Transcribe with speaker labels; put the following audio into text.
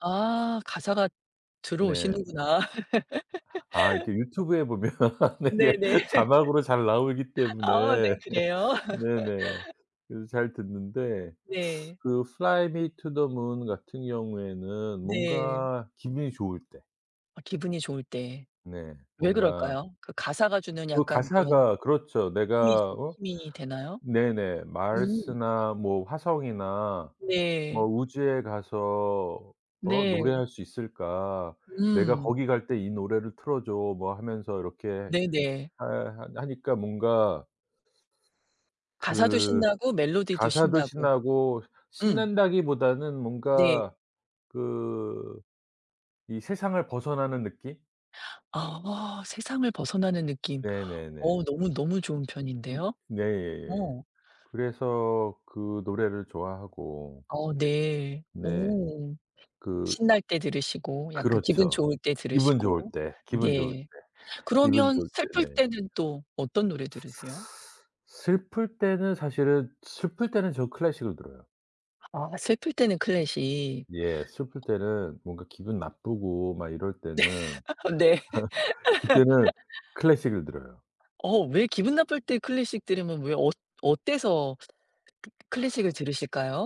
Speaker 1: 아. 가사가
Speaker 2: 네.
Speaker 1: 들어오시는구나.
Speaker 2: 아 이렇게 유튜브에 보면 이게
Speaker 1: 네네.
Speaker 2: 자막으로 잘 나오기
Speaker 1: 아. 네.
Speaker 2: 때문에
Speaker 1: 그래요.
Speaker 2: 네네. 그래서 잘 듣는데
Speaker 1: 네.
Speaker 2: 그 플라이투더문 같은 경우에는
Speaker 1: 네.
Speaker 2: 뭔가 기분이 좋을 때.
Speaker 1: 아 기분이 좋을 때.
Speaker 2: 네.
Speaker 1: 왜
Speaker 2: 뭔가
Speaker 1: 그럴까요? 그 가사가 주는
Speaker 2: 그
Speaker 1: 약간 그런
Speaker 2: 가사가 그렇죠.
Speaker 1: 힘이
Speaker 2: 내가
Speaker 1: 좀
Speaker 2: 어
Speaker 1: 힘이 되나요?
Speaker 2: 네네
Speaker 1: 음.
Speaker 2: Mars나 뭐 "화성이나 뭐
Speaker 1: 네.
Speaker 2: 우주에 가서 어
Speaker 1: 네.
Speaker 2: 노래할 수 있을까. 내가
Speaker 1: 음.
Speaker 2: 거기 갈 때 이 노래를 틀어 줘." 뭐 하면서 이렇게
Speaker 1: 네네.
Speaker 2: 하 하 하니까 뭔가
Speaker 1: 가사도
Speaker 2: 그
Speaker 1: 신나고 멜로디도
Speaker 2: 가사도
Speaker 1: 신나고.
Speaker 2: 신나고
Speaker 1: 음.
Speaker 2: 신난다기보다는
Speaker 1: 네.
Speaker 2: 뭔가 그 이 세상을 벗어나는 느낌?
Speaker 1: 아 세상을 벗어나는 느낌.
Speaker 2: 네네네.
Speaker 1: 어 너무, 너무 좋은
Speaker 2: 음
Speaker 1: 표현인데요.
Speaker 2: 네.
Speaker 1: 어.
Speaker 2: 그래서 그 노래를 좋아하고
Speaker 1: 어 네.
Speaker 2: 네.
Speaker 1: 오.
Speaker 2: 그
Speaker 1: 신날 때 들으시고 약간 기분
Speaker 2: 그렇죠.
Speaker 1: 좋을 때
Speaker 2: 기분 좋을
Speaker 1: 들으시고.
Speaker 2: 때, 기분 좋을 때,
Speaker 1: 네.
Speaker 2: 기분
Speaker 1: 그러면
Speaker 2: 좋을
Speaker 1: 슬플
Speaker 2: 때. 네.
Speaker 1: 때는 또 어떤 노래 들으세요?
Speaker 2: 슬플 때는 사실은 슬플 때는 저 클래식을 들어요.
Speaker 1: 아 슬플 때는 클래식.
Speaker 2: 예. 슬플 때는 뭔가 기분 나쁘고 막 이럴
Speaker 1: 네.
Speaker 2: 때는
Speaker 1: 네.
Speaker 2: 그때는 클래식을 들어요.
Speaker 1: 어 왜 기분 나쁠 때 클래식 들으면 왜 어 어때서 크 클래식을 들으실까요?